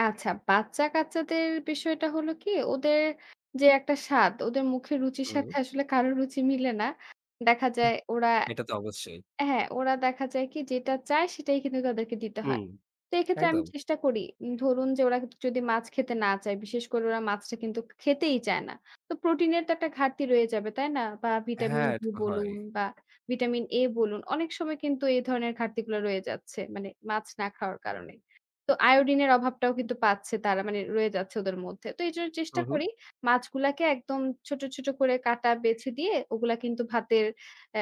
আচ্ছা, বাচ্চা-কাচ্চাদের বিষয়টা হলো কি ওদের যে একটা স্বাদ ওদের মুখের রুচির হুম। সাথে আসলে কারো রুচি মিলে না। দেখা যায় ওরা এটা তো অবশ্যই। হ্যাঁ, ওরা দেখা যায় কি যেটা চায় সেটাই কিন্তু তাদেরকে দিতে হয়। হুম, তো এক্ষেত্রে আমি একদম। চেষ্টা করি, ধরুন যে ওরা যদি মাছ খেতে না চায়, বিশেষ করে ওরা মাছটা কিন্তু খেতেই চায় না। তো প্রোটিন এর তো একটা ঘাটতি রয়ে যাবে। তাই না? বা হ্যাঁ, এটা ভিটামিন-ডি তো হয়। বলুন বা ভিটামিন-এ বলুন। অনেক সময় কিন্তু এ ধরনের ঘাটতি গুলা রয়ে যাচ্ছে। মানে মাছ না খাওয়ার কারণে। তো আয়োডিনের অভাবটাও কিন্তু পাচ্ছে তারা মানে রয়ে যাচ্ছে ওদের মধ্যে। তো এইজন্য চেষ্টা হুম, হুম। করি। মাছগুলাকে একদম ছোট, ছোট করে কাটা বেছে দিয়ে ওগুলা কিন্তু ভাতের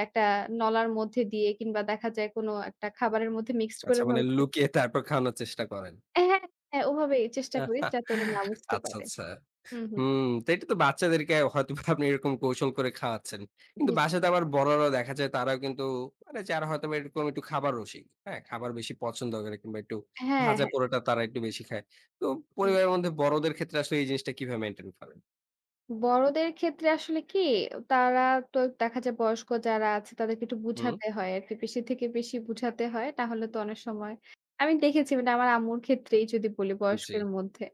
একটা নলার মধ্যে দিয়ে কিংবা দেখা যায় কোনো একটা খাবারের মধ্যে মিক্সড আচ্ছা, করে মানে লুকিয়ে তারপর খাওয়ানোর চেষ্টা করেন? হ্যাঁ, হ্যাঁ, ওভাবেই চেষ্টা করি যাতে ওরা না বুঝতে আচ্ছা, পারে। আচ্ছা। হুম, হুম। হুম, তো এটা তো বাচ্চাদেরকে হয়তোবা আপনি এরকম কৌশল করে খাওয়াচ্ছেন। কিন্তু বাসাতে আবার বড়রাও দেখা যায় তারাও কিন্তু আরে যারা হয়তোবা এরকম একটু খাবার রসিক। হ্যাঁ? খাবার বেশি পছন্দ করে কিংবা একটু হ্যাঁ, ভাজা হ্যাঁ। পোড়াটা তারা একটু বেশি খায়। তো হুম। পরিবারের মধ্যে বড়দের ক্ষেত্রে আসলে এই জিনিসটা কিভাবে মেইনটেইন করেন? বড়দের ক্ষেত্রে আসলে কি? অ তারা তো দেখা যায় বয়স্ক যারা আছে তাদেরকে একটু হুম। বুঝাতে হয় আরকি। বেশি থেকে বেশি বুঝাতে হয়। তাহলে তো অনেক সময় আমি দেখেছি মানে আমার আম্মুর ক্ষেত্রেই যদি বলি জি। বয়স্কের মধ্যে।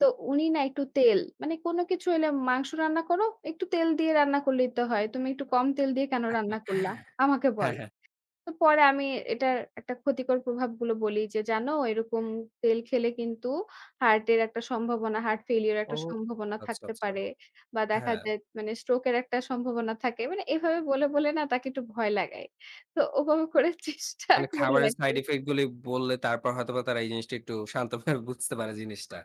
তো উনি না একটু তেল। মানে কোন কিছু হইলে মাংস রান্না করো, একটু তেল দিয়ে রান্না করলেই তো হয়, "তুমি একটু কম তেল দিয়ে কেনো রান্না করলা?" আমাকে হ্যাঁ, বলে, হ্যাঁ। তো পরে আমি এটার একটা ক্ষতিকর প্রভাবগুলো বলি যে, "জানো এরকম তেল খেলে কিন্তু হার্টের একটা সম্ভাবনা, হার্ট ফেইলিউর এর ও একটা সম্ভাবনা আচ্ছা, থাকতে আচ্ছা। পারে। বা দেখা হ্যাঁ। যায় মানে স্ট্রোক এর একটা সম্ভাবনা থাকে।" মানে এভাবে বলে, বলে না তাকে একটু ভয় লাগাই। তো ওভাবে করে চেষ্টা মানে করি খাবারের সাইড আরকি। ইফেক্ট গুলি বললে তারপর হয়তোবা তারা এই জিনিসটা একটু শান্তভাবে বুঝতে পারে জিনিসটা।